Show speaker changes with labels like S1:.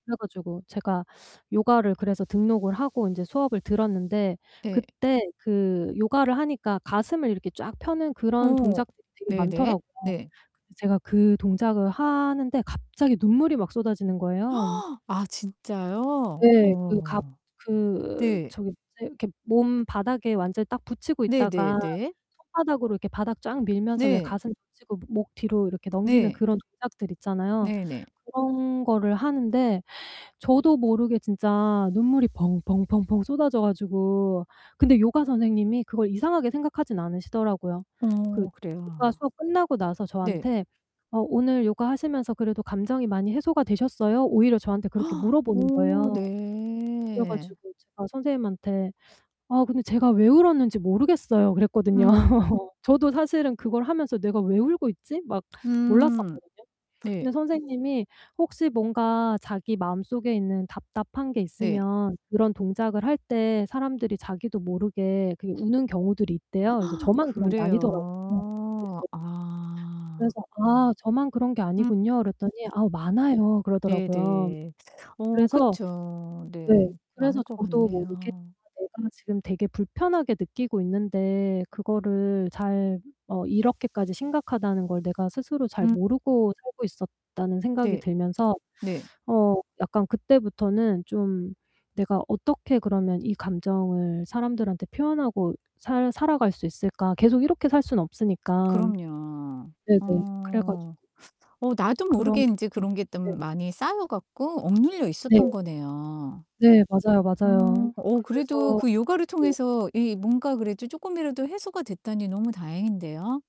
S1: 그래 가지고 제가 요가를 그래서 등록을 하고 인제 수업을 들었는데
S2: 네.
S1: 그때 그 요가를 하니까 가슴을 이렇게 쫙 펴는 그런
S2: 오.
S1: 동작들이 되게
S2: 네네.
S1: 많더라고요.
S2: 네.
S1: 근데 가 그 동작을 하는데 갑자기 눈물이 막 쏟아지는 거예요.
S2: 아 진짜요?
S1: 네. 그 갑
S2: 어.
S1: 그
S2: 네
S1: 저기 뭐지 이렇게 몸 바닥에 완전히 딱 붙이고
S2: 네 네
S1: 있다가
S2: 네.
S1: 손바닥으로 이렇게 바닥 쫙 밀면서 왜
S2: 네
S1: 가슴 붙이고 목 뒤로 넘기는
S2: 네.
S1: 그런 동작들 있잖아요.
S2: 네 네.
S1: 그런 거를 하는데 저도 모르게 진짜 눈물이 펑펑 펑펑 쏟아져 가지고 근데 요가 선생님이 그걸 이상하게 생각하진 않으시더라고요. 그
S2: 어 그래요?
S1: 요가 수업 끝나고 나서
S2: 네.
S1: 저한테 "어 오늘 요가 하시면서 그래도 감정이 많이 해소가 되셨어요?" 오히려 저한테 그렇게 물어보는
S2: 오
S1: 거예요. 그래
S2: 네.
S1: 가지고 제가 선생님한테 "아 근데 제가 왜 울었는지 모르겠어요." 그랬거든요.
S2: 음.
S1: 저도 사실은 그걸 하면서 '내가 왜 울고 있지?' 막
S2: 음
S1: 몰랐었거든요.
S2: 네.
S1: 근데 선생님이 혹시 뭔가 자기 마음속에 있는 답답한 게
S2: 네.
S1: 있으면 그런 동작을 할 때 사람들이 자기도 모르게 그 우는 경우들이 있대요. 그래서 저만 그런 게 아니더라고요. 네네.
S2: 그래요? 아.
S1: 그래서 "아 저만 그런 게
S2: 음.
S1: 아니군요." 그랬더니 "아 많아요."
S2: 네
S1: 그러더라고요.
S2: 네. 어
S1: 그래서
S2: 그쵸. 네.
S1: 네 그래서
S2: 많을 것
S1: 저도 모르게
S2: 같네요.
S1: 아 내가 지금 되게 불편하게 느끼고 있는데 그거를 잘 어 이렇게까지 심각하다는 걸 내가 스스로 잘
S2: [unintelligible]
S1: 모르고 살고 있었다는 생각이
S2: 네.
S1: 들면서
S2: 네.
S1: 어 약간 그때부터는 좀 '내가 어떻게 그러면 이 감정을 사람들한테 표현하고 살 살아갈 수 있을까?' 계속 이렇게 살 수는 없으니까.
S2: 그럼요.
S1: 네네. 그래 가지고
S2: 어. 어 나도
S1: 그런
S2: 모르게 인제
S1: [unintelligible]
S2: 그런 게 좀
S1: 네.
S2: 많이 쌓여 갖고 억눌려
S1: 네.
S2: 있었던 거네요.
S1: 네. 맞아요,
S2: 음
S1: 맞아요.
S2: 어 그래도
S1: 그래서
S2: 그 요가를
S1: 네.
S2: 통해서 이 뭔가 그래도 쪼끔이라도 해소가 됐다니 너무 다행인데요?